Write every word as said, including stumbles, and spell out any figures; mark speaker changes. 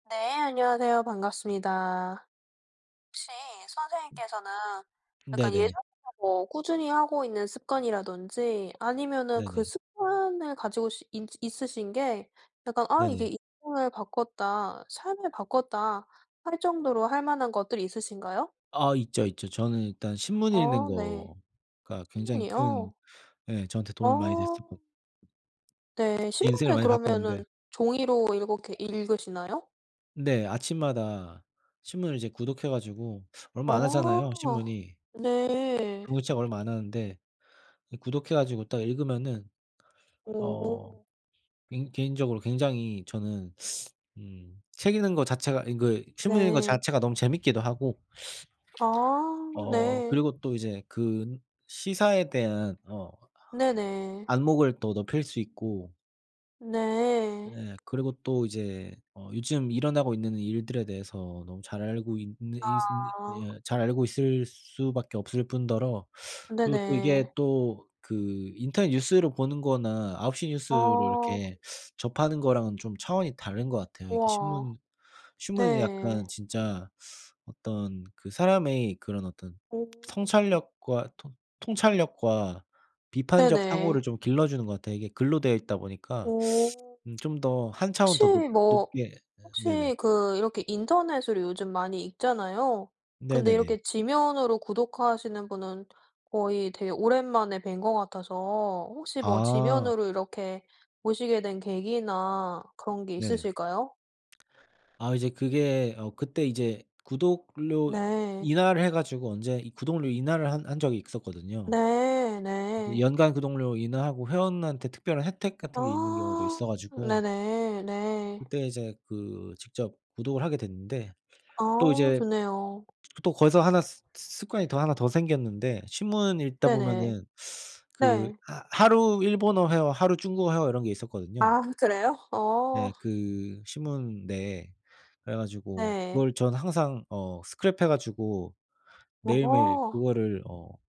Speaker 1: 네 안녕하세요. 반갑습니다. 혹시 선생님께서는 약간
Speaker 2: 네네.
Speaker 1: 예전부터 뭐 꾸준히 하고 있는 습관이라든지 아니면은 그
Speaker 2: 네네.
Speaker 1: 습관을 가지고 시 있 있으신 게 약간 '아 이게
Speaker 2: 네네.
Speaker 1: 인생을 바꿨다. 삶을 바꿨다.' 할 정도로 할 만한 것들이 있으신가요?
Speaker 2: 아 있죠, 있죠. 저는 일단 신문 읽는
Speaker 1: 어 네.
Speaker 2: 거가 굉장히 큰
Speaker 1: 신문이요?
Speaker 2: 예 저한테 도움이 많이 됐었거
Speaker 1: 어. 네.
Speaker 2: 인생을
Speaker 1: 신문을
Speaker 2: 많이 바꿨는데
Speaker 1: 그러면은 종이로 읽어 계 읽으시나요?
Speaker 2: 네. 아침마다 신문을 이제 구독해 가지고 얼마 안 하잖아요
Speaker 1: 아.
Speaker 2: 신문이.
Speaker 1: 네.
Speaker 2: 구독책 얼마 안 하는데 이 구독해 가지고 딱 읽으면은 어
Speaker 1: 어.
Speaker 2: 개 개인적으로 굉장히 저는 음 책 읽는 거 자체가 이 그 신문 읽는 거
Speaker 1: 네.
Speaker 2: 자체가 너무 재밌기도 하고
Speaker 1: 아
Speaker 2: 어
Speaker 1: 네.
Speaker 2: 그리고 또 이제 그 시사에 대한 어
Speaker 1: 네네.
Speaker 2: 안목을 또 높일 수 있고
Speaker 1: 네.
Speaker 2: 네. 그리고 또 이제 어 요즘 일어나고 있는 일들에 대해서 너무 잘 알고 있는 있으 네
Speaker 1: 아.
Speaker 2: 잘 알고 있을 수밖에 없을뿐더러 그리고 또
Speaker 1: 네네.
Speaker 2: 이게 또 그 인터넷 뉴스를 보는 거나 아홉 시 뉴스로
Speaker 1: 아.
Speaker 2: 이렇게 접하는 거랑은 좀 차원이 다른 것 같아요. 이게
Speaker 1: 와.
Speaker 2: 신문 신문은
Speaker 1: 네.
Speaker 2: 약간 진짜 어떤 그 사람의 그런 어떤
Speaker 1: 오.
Speaker 2: 성찰력과 통 통찰력과 비판적 사고를
Speaker 1: 네네.
Speaker 2: 좀 길러주는 것 같아요. 이게 글로 되어 있다 보니까
Speaker 1: 오.
Speaker 2: 음 좀 더 한 차원
Speaker 1: 혹시
Speaker 2: 더 높
Speaker 1: 뭐
Speaker 2: 높게 예 네네.
Speaker 1: 혹시 그 이렇게 인터넷으로 요즘 많이 읽잖아요. 근데
Speaker 2: 네네네.
Speaker 1: 이렇게 지면으로 구독하시는 분은 거의 되게 오랜만에 뵌 것 같아서 혹시 뭐
Speaker 2: 아.
Speaker 1: 지면으로 이렇게 보시게 된 계기나 그런 게
Speaker 2: 네네.
Speaker 1: 있으실까요?
Speaker 2: 아 이제 그게 어 그때 이제 구독료
Speaker 1: 네.
Speaker 2: 인하를 해 가지고 언제 이 구독료 인하를 한 한 적이 있었거든요.
Speaker 1: 네 네.
Speaker 2: 연간 구독료 인하하고 회원한테 특별한 혜택 같은 게 있는 경우도
Speaker 1: 아
Speaker 2: 있어 가지고
Speaker 1: 네네. 네.
Speaker 2: 그때 이제 그 직접 구독을 하게 됐는데 또
Speaker 1: 아
Speaker 2: 이제 그
Speaker 1: 좋네요.
Speaker 2: 또 거기서 하나 스 습관이 더 하나 더 생겼는데 신문 읽다
Speaker 1: 네네.
Speaker 2: 보면은 그
Speaker 1: 네.
Speaker 2: 하 하루 일본어 회화 하루 중국어 회화 이런 게 있었거든요.
Speaker 1: 아 그래요? 어.
Speaker 2: 네. 그 신문 내에. 그래 가지고
Speaker 1: 네.
Speaker 2: 그걸 전 항상 어 스크랩해 가지고 매일매일
Speaker 1: 어.
Speaker 2: 그거를 어